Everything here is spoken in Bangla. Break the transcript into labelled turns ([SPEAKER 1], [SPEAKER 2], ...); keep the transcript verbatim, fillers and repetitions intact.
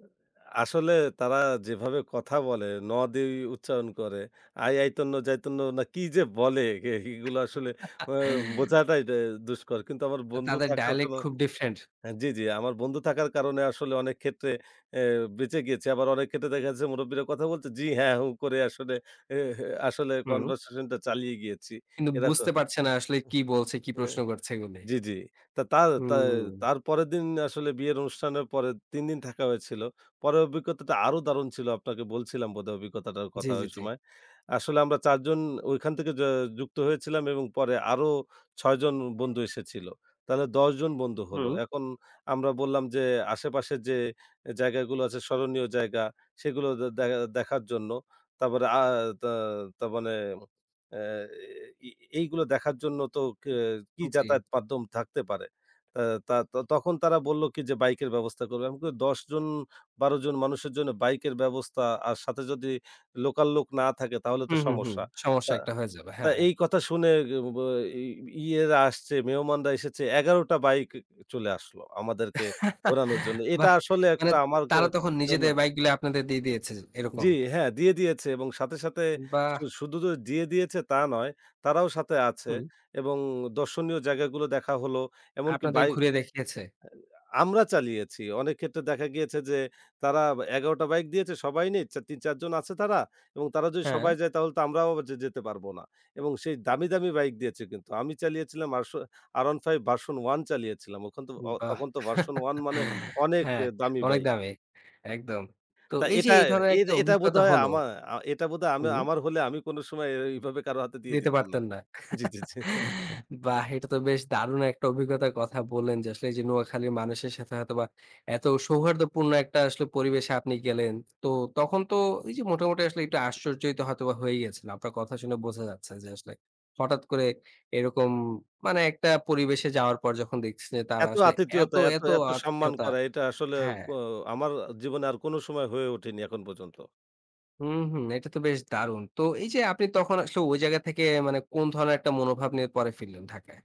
[SPEAKER 1] অ্যা আসলে তারা যেভাবে কথা বলে 'ন' দেই উচ্চারণ করে, 'আই আইতন্ন যাইতন্ন না' কি যে বলে এহিগুলা আসলে আ বোঝাটাই দা দুষ্কর। কিন্তু আমার
[SPEAKER 2] আ
[SPEAKER 1] বন্ধু
[SPEAKER 2] তাদের
[SPEAKER 1] থাকার
[SPEAKER 2] ডায়ালেক্ট
[SPEAKER 1] কোনো
[SPEAKER 2] খুব ডিফারেন্ট।
[SPEAKER 1] হ্যাঁ জি, জি আমার বন্ধু থাকার কারণে আসলে অনেক ক্ষেত্রে অ্যা বেঁচে গিয়েছি। আবার অনেক ক্ষেত্রে দেখা যাচ্ছে মুরুব্বিরা কথা বলছে 'জি, হ্যাঁ, হুঁ' করে আসলে এ হে আসলে
[SPEAKER 2] হুম।
[SPEAKER 1] কনভারসেশন টা চালিয়ে গিয়েছি।
[SPEAKER 2] কিন্তু
[SPEAKER 1] এরক উহ
[SPEAKER 2] বুঝতে পারছে না আসলে কি বলছে, কি
[SPEAKER 1] হে
[SPEAKER 2] প্রশ্ন করছে এগুলি।
[SPEAKER 1] জি, জি। তা তা তা
[SPEAKER 2] হুম
[SPEAKER 1] তার পরের দিন আসলে বিয়ের অনুষ্ঠানের পরে তিন দিন থাকা হয়েছিল। পরের অভিজ্ঞতাটা আরো দারুণ ছিল, আপনাকে বলছিলাম বোধহয় অভিজ্ঞতাটার
[SPEAKER 2] জি,
[SPEAKER 1] কথা
[SPEAKER 2] জি, জি।
[SPEAKER 1] ওইসময়। আসলে আমরা চার জন ঐখান থেকে য যুক্ত হয়েছিলাম এবং পরে আরো ছয় জন বন্ধু এসেছিল। তাহলে দশ জন বন্ধু হলো।
[SPEAKER 2] হুম।
[SPEAKER 1] এখন আমরা বললাম যে, আশেপাশে যে এ জায়গাগুলো আছে, স্মরণীয় জায়গা সেগুলো দে দেখা দেখার জন্য। তারপরে আ আ তা তার মানে অ্যা এ ই ই এইগুলো দেখার জন্য তো কে কি
[SPEAKER 2] জি।
[SPEAKER 1] যাতায়াত মাধ্যম থাকতে পারে। এ্যা তা তা তখন তারা বললো কি যে বাইকের ব্যবস্থা করবে। আমি কই, "দশ জন, বারো জন মানুষের জন্য বাইকের ব্যবস্থা আর সাথে যদি লোকাল লোক না থাকে তাহলে তো
[SPEAKER 2] হুম, হুম, হুম।
[SPEAKER 1] সমস্যা।"
[SPEAKER 2] সমস্যা
[SPEAKER 1] তা
[SPEAKER 2] একটা হয়ে যাবে।
[SPEAKER 1] তা
[SPEAKER 2] হ্যাঁ।
[SPEAKER 1] এই কথা শুনে গে গো বাই ই ইয়েরা এসেছে মেহমানরা এসেছে এগারো টা বাইক ক চলে আসলো আমাদেরকে ঘোরানোর জন্য। এটা
[SPEAKER 2] বাহ!
[SPEAKER 1] আসলে
[SPEAKER 2] মানে
[SPEAKER 1] একটা আমার কা
[SPEAKER 2] তারা তখন
[SPEAKER 1] জন্য
[SPEAKER 2] নিজেদের বাইকগুলি আপনাদের দিয়ে দিয়েছে,
[SPEAKER 1] জি
[SPEAKER 2] এরকম?
[SPEAKER 1] হ্যাঁ, দিয়ে দিয়েছে এবং সাথে, সাথে শু
[SPEAKER 2] বাহ!
[SPEAKER 1] শুধু যে দিয়ে দিয়েছে তা নয় তারাও সাথে আছে।
[SPEAKER 2] হুম।
[SPEAKER 1] এবং দর্শনীয় জায়গাগুলো দেখা হলো এমনকি
[SPEAKER 2] আপনাদের
[SPEAKER 1] বাই
[SPEAKER 2] ঘুরে দেখিয়েছে।
[SPEAKER 1] [unintelligible] আমরা চালিয়েছি। অনেক ক্ষেত্রে দেখা গিয়েছে যে, তারা ব্যা ১১টা বাইক দিয়েছে সবাই নিচ্ছে, তিন-চার জন আছে তারা। এবং তারা যদি সবাই
[SPEAKER 2] হ্যাঁ।
[SPEAKER 1] যায় তাহলে তো আমরাও যে যেতে পারবো না। এবং সেই দামি, দামি বাইক দিয়েছে কিন্তু। আমি চালিয়েছিলাম আরশো R15 version 1 চালিয়েছিলাম। ওখন তো অ
[SPEAKER 2] বাহ।
[SPEAKER 1] তখন তো version 1 মানে অনেক
[SPEAKER 2] হ্যাঁ,
[SPEAKER 1] এ দামি
[SPEAKER 2] অনেক
[SPEAKER 1] বাইক।
[SPEAKER 2] দামি। একদম। তো
[SPEAKER 1] তা
[SPEAKER 2] এই যে
[SPEAKER 1] এটা
[SPEAKER 2] এই ধরনের
[SPEAKER 1] এর
[SPEAKER 2] একটা
[SPEAKER 1] এটা
[SPEAKER 2] অভিজ্ঞতা
[SPEAKER 1] বোধহয়
[SPEAKER 2] হল
[SPEAKER 1] আমা আ এটা বোধহয় আমি
[SPEAKER 2] হুম।
[SPEAKER 1] আমার হলে আমি কোনো সময় এইভাবে কারো হাতে দিয়ে
[SPEAKER 2] দিতে
[SPEAKER 1] দিতাম না
[SPEAKER 2] পারতেন না।
[SPEAKER 1] জি, জি, জি।
[SPEAKER 2] বাহ! এটা তো বেশ দারুণ একটা অভিজ্ঞতার কথা বললেন যে, আসলে এই যে নোয়াখালীর মানুষের সাথে হয়তোবা এত সৌহার্দ্যপূর্ণ একটা আসলে পরিবেশে আপনি গেলেন। তো তখন তো ঐ যে মোটামুটি আসলে একটু আশ্চর্যিত হয়তোবা হয়ে গিয়েছেন, আপনার কথা শুনে বোঝা যাচ্ছে যে আসলে। হঠাৎ করে এরকম মানে একটা পরিবেশে যাওয়ার পর যখন দেখছি যে তারা
[SPEAKER 1] এত
[SPEAKER 2] আসলে এত,
[SPEAKER 1] আতিথীয়তা, এত
[SPEAKER 2] এত
[SPEAKER 1] এত সম্মান
[SPEAKER 2] আতিথেয়তা
[SPEAKER 1] করা এটা আসলে
[SPEAKER 2] হ্যাঁ।
[SPEAKER 1] ক আমার আ জীবনে আর কোনো সময় হয়ে ওঠেনি এখন পর্যন্ত।
[SPEAKER 2] হুম, হুম এটা তো বেশ দারুণ! তো এই যে আপনি তখন আসলে ঐ জায়গা থেকে আ মানে কোন ধরনের একটা মনোভাব নিয়ে পরে ফিরলেন ঢাকায়?